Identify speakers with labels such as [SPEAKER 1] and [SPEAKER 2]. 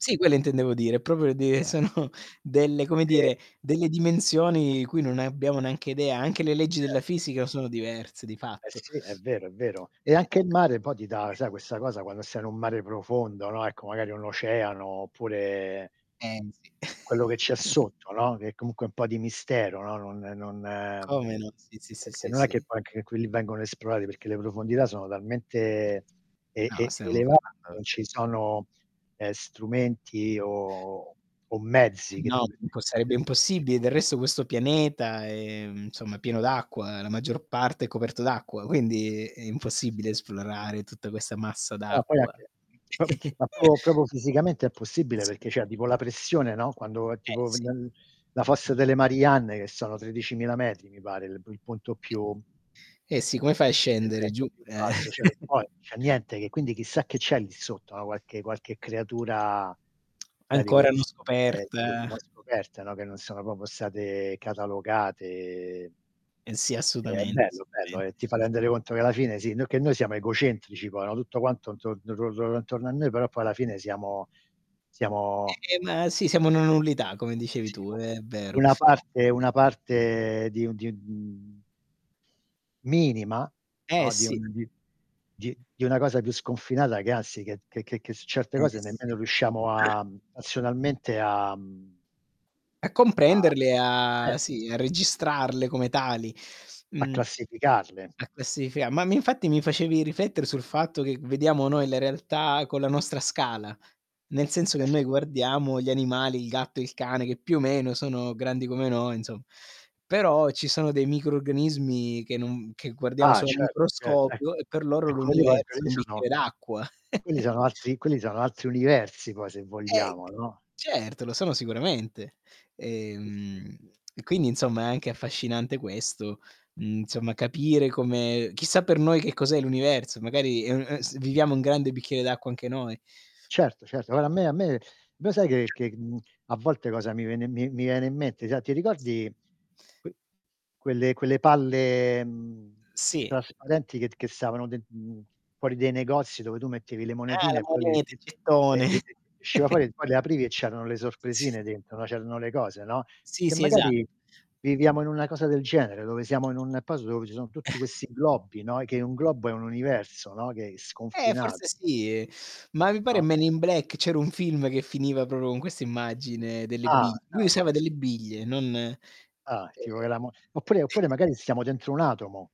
[SPEAKER 1] Sì quelle intendevo dire, proprio di
[SPEAKER 2] [unintelligible]
[SPEAKER 1] sono delle come
[SPEAKER 2] E
[SPEAKER 1] dire, delle dimensioni cui non abbiamo neanche idea. Anche le leggi della
[SPEAKER 2] Certo.
[SPEAKER 1] fisica sono diverse di
[SPEAKER 2] Eh
[SPEAKER 1] fatto.
[SPEAKER 2] sì, è vero, è vero. E
[SPEAKER 1] Eh
[SPEAKER 2] anche il mare poi ti dà, sai questa cosa quando stai in un mare profondo, no, ecco magari un oceano oppure
[SPEAKER 1] Pensi.
[SPEAKER 2] quello che c'è sotto, no, che è comunque un po' di mistero, no, non non
[SPEAKER 1] Come no? Sì, sì, sì,
[SPEAKER 2] perché
[SPEAKER 1] sì,
[SPEAKER 2] non è che
[SPEAKER 1] sì.
[SPEAKER 2] poi anche quelli vengono esplorati, perché le profondità sono talmente e e
[SPEAKER 1] No,
[SPEAKER 2] elevate,
[SPEAKER 1] [unintelligible]
[SPEAKER 2] non ci sono, ehm, strumenti o o mezzi che ti
[SPEAKER 1] No, po
[SPEAKER 2] permettono di
[SPEAKER 1] sarebbe
[SPEAKER 2] andare giù
[SPEAKER 1] impossibile. Del resto questo pianeta è, insomma, è pieno d'acqua, la maggior parte è coperto d'acqua, quindi è
[SPEAKER 2] Sì.
[SPEAKER 1] impossibile esplorare tutta questa massa
[SPEAKER 2] No, poi
[SPEAKER 1] d'acqua.
[SPEAKER 2] anche po ma proprio- proprio fisicamente è impossibile perché c'è tipo la pressione, no, quando
[SPEAKER 1] Eh
[SPEAKER 2] tipo
[SPEAKER 1] sì.
[SPEAKER 2] la la Fossa delle Marianne che sono 13000 metri mi pare, il p punto più
[SPEAKER 1] Eh eh sì, come fai a scendere
[SPEAKER 2] [unintelligible]
[SPEAKER 1] giù,
[SPEAKER 2] più
[SPEAKER 1] eh
[SPEAKER 2] basso, cioè non puoi non c'è niente che quindi chissà che c'è lì sotto, no, qualche qualche creatura sai di
[SPEAKER 1] Ancora non
[SPEAKER 2] queste sì,
[SPEAKER 1] scoperta.
[SPEAKER 2] non scoperte, no, che non sono proprio state catalogate.
[SPEAKER 1] Eh sì
[SPEAKER 2] È
[SPEAKER 1] assolutamente,
[SPEAKER 2] bello bello, e
[SPEAKER 1] assolutamente.
[SPEAKER 2] ti fa
[SPEAKER 1] [unintelligible]
[SPEAKER 2] rendere conto che alla fine sì, noi che noi siamo egocentrici poi, no, tutto quanto intorno [unintelligible] intorno a noi, però poi alla fine siamo siamo
[SPEAKER 1] Eh, ehm, ma si siamo una nullità come dicevi
[SPEAKER 2] Sì
[SPEAKER 1] tu,
[SPEAKER 2] u
[SPEAKER 1] è vero.
[SPEAKER 2] una parte una parte di un di, mhmm minima,
[SPEAKER 1] Eh,
[SPEAKER 2] no, di
[SPEAKER 1] sì.
[SPEAKER 2] un di di di una cosa più sconfinata che anzi che che che su certe
[SPEAKER 1] Eh,
[SPEAKER 2] cose
[SPEAKER 1] sì.
[SPEAKER 2] nemmeno riusciamo a razionalmente a, mhmm
[SPEAKER 1] A
[SPEAKER 2] A
[SPEAKER 1] comprenderle e, a sì a
[SPEAKER 2] [unintelligible] certo.
[SPEAKER 1] registrarle come tali.
[SPEAKER 2] A
[SPEAKER 1] Mhmm,
[SPEAKER 2] classificarle.
[SPEAKER 1] a questi fia ma infatti mi facevi rifletter sul fatto che vediamo noi la realtà con la nostra scala, nel senso che
[SPEAKER 2] Eh
[SPEAKER 1] noi
[SPEAKER 2] sì.
[SPEAKER 1] guardiamo gli animali, il gatto, il cane che più o meno sono grandi come noi insom però ci sono dei microrganismi che non che guardiamo
[SPEAKER 2] Ah,
[SPEAKER 1] solo al
[SPEAKER 2] certo, cer eh.
[SPEAKER 1] microscopio e per loro
[SPEAKER 2] Eh quello lì poi s quello
[SPEAKER 1] l'universo,
[SPEAKER 2] lì
[SPEAKER 1] un
[SPEAKER 2] sono
[SPEAKER 1] bicchiere d'acqua.
[SPEAKER 2] quelli sono altri quelli sono altri universi poi se
[SPEAKER 1] Eh.
[SPEAKER 2] vogliamo, no?
[SPEAKER 1] C certo, lo sono sicuramente,
[SPEAKER 2] Sì, sì.
[SPEAKER 1] ehm, quindi insomma è anche affascinante questo, insomma, capire come chissà per noi che cos'è l'universo, magari, mhmm, ehm, s viviamo un grande bicchiere d'acqua anche noi.
[SPEAKER 2] Certo, certo, guarda a me a me me lo sai che che a volte cosa mi viene mi mi viene in mente sa ti
[SPEAKER 1] Sì.
[SPEAKER 2] ricordi que quelle quelle palle, mhmm,
[SPEAKER 1] Sì.
[SPEAKER 2] trasparenti che che stavano den mhmm, fuori dei negozi dove tu mettevi le
[SPEAKER 1] Ah
[SPEAKER 2] monetine
[SPEAKER 1] la
[SPEAKER 2] e poi l
[SPEAKER 1] moneta,
[SPEAKER 2] t
[SPEAKER 1] il
[SPEAKER 2] e
[SPEAKER 1] gettone.
[SPEAKER 2] e e ti usciva fuori e poi le aprivi e c'erano le
[SPEAKER 1] Sì.
[SPEAKER 2] sorpresine dentro, c'erano le cose, no.
[SPEAKER 1] Sì,
[SPEAKER 2] Che
[SPEAKER 1] sì, esatto.
[SPEAKER 2] magari viviamo in una cosa del genere, dove siamo in un posto dove ci sono
[SPEAKER 1] Eh.
[SPEAKER 2] tutti questi globi, no, che un globo è un universo, no, che è
[SPEAKER 1] Eh,
[SPEAKER 2] sconfinat
[SPEAKER 1] forse sì e ma mi pare
[SPEAKER 2] No?
[SPEAKER 1] "Man in Black", c'era un film che finiva proprio con questa immagine delle
[SPEAKER 2] Ah,
[SPEAKER 1] bi
[SPEAKER 2] no,
[SPEAKER 1] lui
[SPEAKER 2] no,
[SPEAKER 1] usava
[SPEAKER 2] ques
[SPEAKER 1] delle
[SPEAKER 2] [unintelligible]
[SPEAKER 1] biglie, non eh
[SPEAKER 2] Ah, tipo che
[SPEAKER 1] [unintelligible]
[SPEAKER 2] la mo oppure oppure magari stiamo dentro un atomo.